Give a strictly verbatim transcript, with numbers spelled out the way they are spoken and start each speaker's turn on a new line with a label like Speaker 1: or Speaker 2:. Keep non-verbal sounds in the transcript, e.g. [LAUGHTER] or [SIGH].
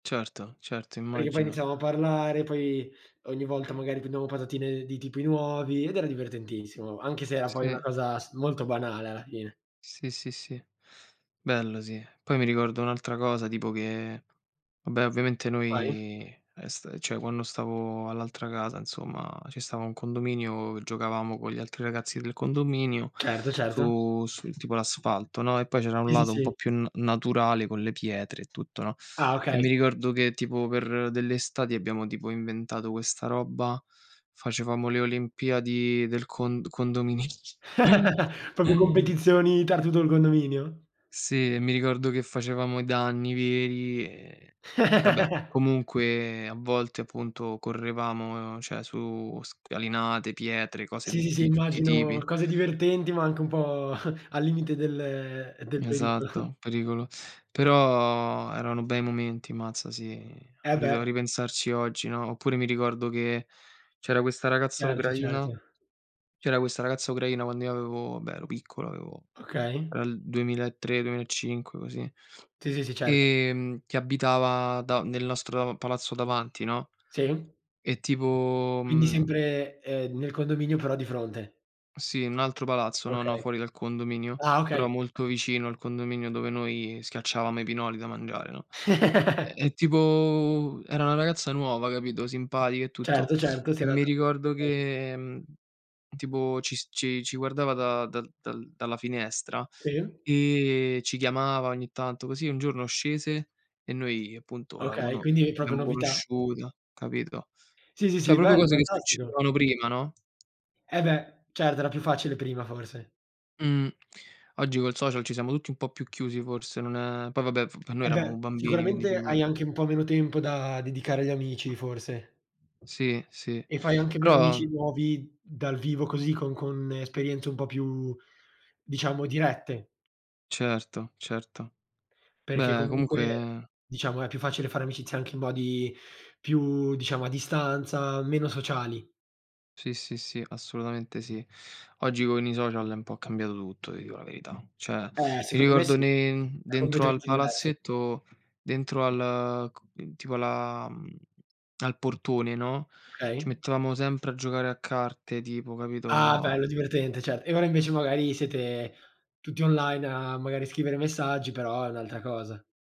Speaker 1: Certo, certo,
Speaker 2: Perché poi
Speaker 1: immagino.
Speaker 2: iniziavam a parlare, poi ogni volta magari prendamo patatine di tipi nuovi ed era divertentissimo, anche se era poi una
Speaker 1: Sì.
Speaker 2: cosa s molto banale alla fine.
Speaker 1: Sì, sì, sì, bello, sì. Poi mi ricordo un'altra cosa, tipo, che, vabbè, ovviamente,
Speaker 2: Vai.
Speaker 1: noi, ehm, sta cioè quando stavo all'altra casa, nsomma, ci stava un condominio giocavamo con gli altri ragazzi del condominio
Speaker 2: Certo, certo.
Speaker 1: su su, tipo, l'asfalto, no, e poi c'era un
Speaker 2: Sì, sì,
Speaker 1: lato un po'
Speaker 2: sì.
Speaker 1: più na naturale, con le pietre e tutto, no.
Speaker 2: Ah,
Speaker 1: E
Speaker 2: okay.
Speaker 1: mi ricordo che, tipo, per delle estati abbiamo, tipo, inventato questa robba, facevamo le olimpiadi del con condominio.
Speaker 2: [CHUCKLES] Proprio
Speaker 1: [CHUCKLES]
Speaker 2: competizioni tra tutto il condominio.
Speaker 1: Sì, mi ricordo che facevamo i danni veri e vabbè.
Speaker 2: [CHUCKLES]
Speaker 1: Comunque, a volte, appunto, correvamo, ceh, su scalinate, pietre, cose
Speaker 2: Sì, sì, sì,
Speaker 1: di tutti i
Speaker 2: immagino
Speaker 1: tipi.
Speaker 2: cose divertenti, ma anche un po' [CHUCKLES] al limite del del perico [CHUCKLES]
Speaker 1: Esatto, pericolo. Però erano bei momenti, mmazza, sì.
Speaker 2: Eh,
Speaker 1: A
Speaker 2: beh.
Speaker 1: rito a ripensarci oggi, no. Oppure mi ricordo che c'era questa ragazza
Speaker 2: Certo,
Speaker 1: ucraina
Speaker 2: certo.
Speaker 1: c'era questa ragazza ucraina quando io avevo beh, ero piccolo, avevo
Speaker 2: Okay.
Speaker 1: era il duemilatre duemilacinque, così,
Speaker 2: Sì, sì, sì, certo.
Speaker 1: ehm che abitava da nel nostro palazzo davanti, no.
Speaker 2: Sì.
Speaker 1: E, tipo,
Speaker 2: Quindi
Speaker 1: uhm
Speaker 2: sempre, ehm, nel condominio, però di fronte.
Speaker 1: Sì, un altro palazzo, no no,
Speaker 2: Okay.
Speaker 1: fuori dal condominio,
Speaker 2: Ah,
Speaker 1: però
Speaker 2: okay.
Speaker 1: molto vicino al condominio dove noi schiacciavamo i pinoli da mangiare, no.
Speaker 2: [CHUCKLES]
Speaker 1: E. tipo, era una ragazza nuova, capito, simpatica e tutto.
Speaker 2: Certo,
Speaker 1: [SNIFFS]
Speaker 2: certo.
Speaker 1: E mi ricordo
Speaker 2: [UNINTELLIGIBLE]
Speaker 1: che, tipo, ci s ci ci guardava da dal dalla finestra
Speaker 2: Sì.
Speaker 1: e ci chiamava ogni tanto. Così, un giorno, scese e noi appunto la
Speaker 2: Okay,
Speaker 1: cono
Speaker 2: quindi proprio
Speaker 1: l'abbiamo
Speaker 2: novità?
Speaker 1: conosciuta, capito.
Speaker 2: Sì, sì,
Speaker 1: ceh,
Speaker 2: sì,
Speaker 1: proprio
Speaker 2: bello,
Speaker 1: cose che
Speaker 2: fantastico.
Speaker 1: succedevano prima, no.
Speaker 2: E beh, certo, era più facile prima, forse.
Speaker 1: Mh. Oggi coi social ci siamo tutti un po' più chiusi, forse, non è poi vabbè, noi
Speaker 2: E beh,
Speaker 1: eravamo bambini, quindi
Speaker 2: sicuramente
Speaker 1: figura
Speaker 2: hai anche un po' meno tempo da dedicare agli amici, forse.
Speaker 1: Sì, sì,
Speaker 2: E fai anche meno
Speaker 1: però
Speaker 2: amici nuovi dal vivo così con con esperienze un po' più, diciamo, dirette.
Speaker 1: Certo, certo.
Speaker 2: Perché,
Speaker 1: Beh,
Speaker 2: comunque,
Speaker 1: comunque
Speaker 2: diciamo, è più facile fare amicizia anche in modi più diciamo, a distanza, meno sociali.
Speaker 1: Sì, sì, sì, assolutamente sì. Oggi con i social è un po' cambiato tutto, ti dico la verità. ceh,
Speaker 2: Eh,
Speaker 1: mi
Speaker 2: secondo me
Speaker 1: ricordo
Speaker 2: sì,
Speaker 1: ne
Speaker 2: è
Speaker 1: dentro al
Speaker 2: completamente diverso.
Speaker 1: palazzetto, dentro al c tipo alla, mhmm al portone, no, ci
Speaker 2: Okay.
Speaker 1: mettevamo sempre a giocare a carte, tipo,
Speaker 2: Ah,
Speaker 1: capito.
Speaker 2: bello, divertente, cer E ora, invece, magari, siete tutti online a, magari, scrivere messaggi, però è un'altra cosa.